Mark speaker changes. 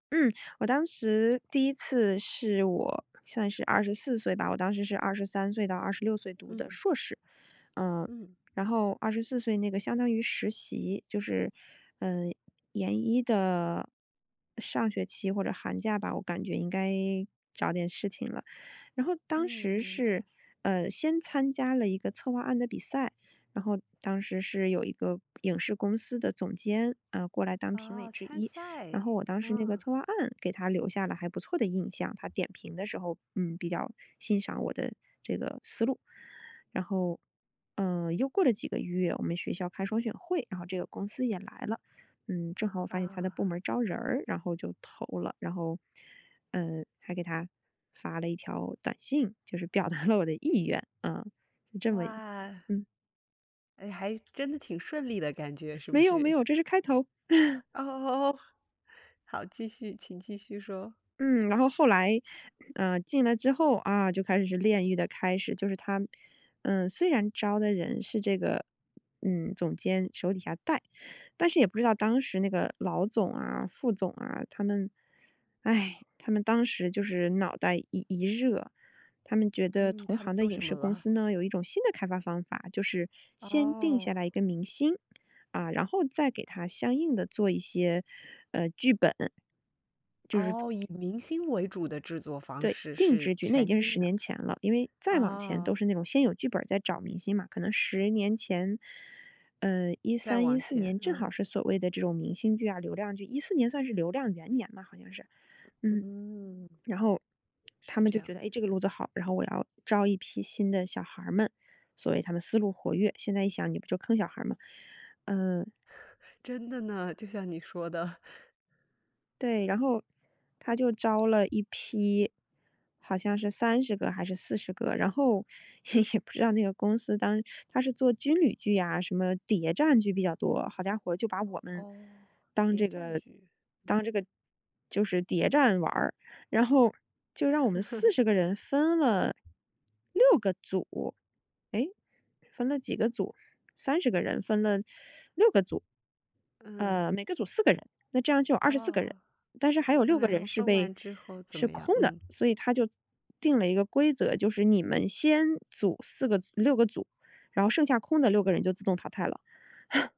Speaker 1: 嗯，我当时第一次是我算是24岁吧，我当时是23岁到26岁读的
Speaker 2: 嗯。
Speaker 1: 硕士，呃，
Speaker 2: 嗯。
Speaker 1: 然后24岁那个相当于实习，就是，嗯，研一的上学期或者寒假吧，我感觉应该找点事情了。然后当
Speaker 2: 嗯，
Speaker 1: 时
Speaker 2: 明白。
Speaker 1: 是，呃，先参加了一个策划案的比赛，然后当时是有一个影视公司的总监，啊，过来当评
Speaker 2: 啊，
Speaker 1: 委之
Speaker 2: 参
Speaker 1: 一，
Speaker 2: 赛，
Speaker 1: 然后我当时那个
Speaker 2: 嗯。
Speaker 1: 策划案给他留下了还不错的印象，他点评的时候，嗯，比较欣赏我的这个思路，然后，呃，又过了几个月，我们学校开双选会，然后这个公司也来了。嗯，正好我发现他的部
Speaker 2: 啊。
Speaker 1: 门儿招人儿，然后就投了，然后，呃，还给他发了一条短信，就是表达了我的意愿啊，就这么
Speaker 2: 哇。
Speaker 1: 嗯。
Speaker 2: 诶，还真的挺顺利的感觉是不
Speaker 1: 没有，没
Speaker 2: 是？
Speaker 1: 有，这是开头。
Speaker 2: 哦，好，继续，请继续说。
Speaker 1: 嗯，然后后来，呃，进来之后，啊，就开始是炼狱的开始，就是他，嗯，虽然招的人是这个，嗯，总监手底下带。但是也不知道当时那个老总啊，副总啊，他们，哎，他们当时就是脑袋一一热，他们觉得
Speaker 2: 嗯，
Speaker 1: 同
Speaker 2: 他们
Speaker 1: 行的
Speaker 2: 做
Speaker 1: 影
Speaker 2: 什么
Speaker 1: 视公
Speaker 2: 了？
Speaker 1: 司呢，有一种新的开发方法。就是先定下
Speaker 2: 哦。
Speaker 1: 来一个明星，啊，然后再给他相应地做一些，呃，剧本。就是
Speaker 2: 哦，以明星为主的制作方
Speaker 1: 对，
Speaker 2: 式，
Speaker 1: 定
Speaker 2: 是
Speaker 1: 制剧，那已
Speaker 2: 全
Speaker 1: 经是
Speaker 2: 新
Speaker 1: 10
Speaker 2: 的。
Speaker 1: 年前了，因为再往前
Speaker 2: 哦。
Speaker 1: 都是那种先有剧本儿再找明星嘛。可能10年前，呃，一
Speaker 2: 再
Speaker 1: 三一
Speaker 2: 往
Speaker 1: 四
Speaker 2: 前，
Speaker 1: 年，正
Speaker 2: 嗯。
Speaker 1: 好是所谓的这种明星剧啊，流量剧，2014年算是流量元年吧好像是，嗯。
Speaker 2: 嗯。
Speaker 1: 然后他
Speaker 2: 是
Speaker 1: 们
Speaker 2: 这
Speaker 1: 就觉得，
Speaker 2: 样子。
Speaker 1: 哎，这个路子好，然后我要招一批新的小孩儿们，所谓他们思路活跃，现在一想你不就坑小孩儿吗？呃。
Speaker 2: 真的呢，就像你说的。
Speaker 1: 对，然后他就招了一批，好像是30个还是40个。然后也也不知道那个公司当时它是做军旅剧呀，什么谍战剧比较多，好家伙就把我们，
Speaker 2: 哦，
Speaker 1: 当
Speaker 2: 谍
Speaker 1: 这
Speaker 2: 战
Speaker 1: 个
Speaker 2: 剧，嗯。
Speaker 1: 当这个，就是谍战玩儿。然后就让我们40个人分了，6个组，诶，分了几个组？30个人分了6个组。
Speaker 2: 嗯。
Speaker 1: 呃，每个组4个人，那这样就有24个人。
Speaker 2: 哦。
Speaker 1: 但是还有
Speaker 2: 那
Speaker 1: 6个
Speaker 2: 然后
Speaker 1: 人是
Speaker 2: 分
Speaker 1: 被
Speaker 2: 完之后怎
Speaker 1: 是
Speaker 2: 么样？
Speaker 1: 空的，
Speaker 2: 嗯。
Speaker 1: 所以他就定了一个规则，就是你们先组4个组6个组，然后剩下空的6个人就自动淘汰了。哼。